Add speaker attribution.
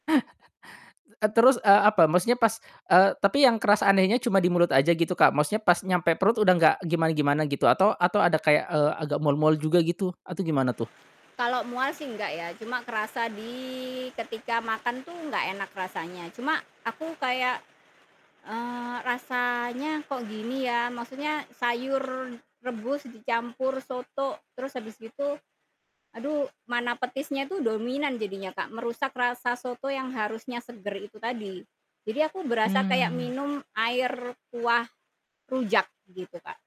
Speaker 1: E terus, eee, apa maksudnya pas eee, tapi yang keras anehnya cuma di mulut aja gitu Kak? Maksudnya pas nyampe perut udah gak gimana-gimana gitu atau atau ada kayak, eee, agak mual-mual juga gitu atau gimana tuh?
Speaker 2: Kalau mual sih nggak ya cuma kerasa di ketika makan tuh nggak enak rasanya, cuma aku kayak, eee, rasanya kok gini ya. Maksudnya sayur rebus dicampur soto terus habis gitu, aduh mana petisnya itu dominan jadinya Kak merusak rasa soto yang harusnya seger itu tadi. Jadi aku berasa kayak
Speaker 1: Mmm.
Speaker 2: minum air kuah rujak gitu Kak.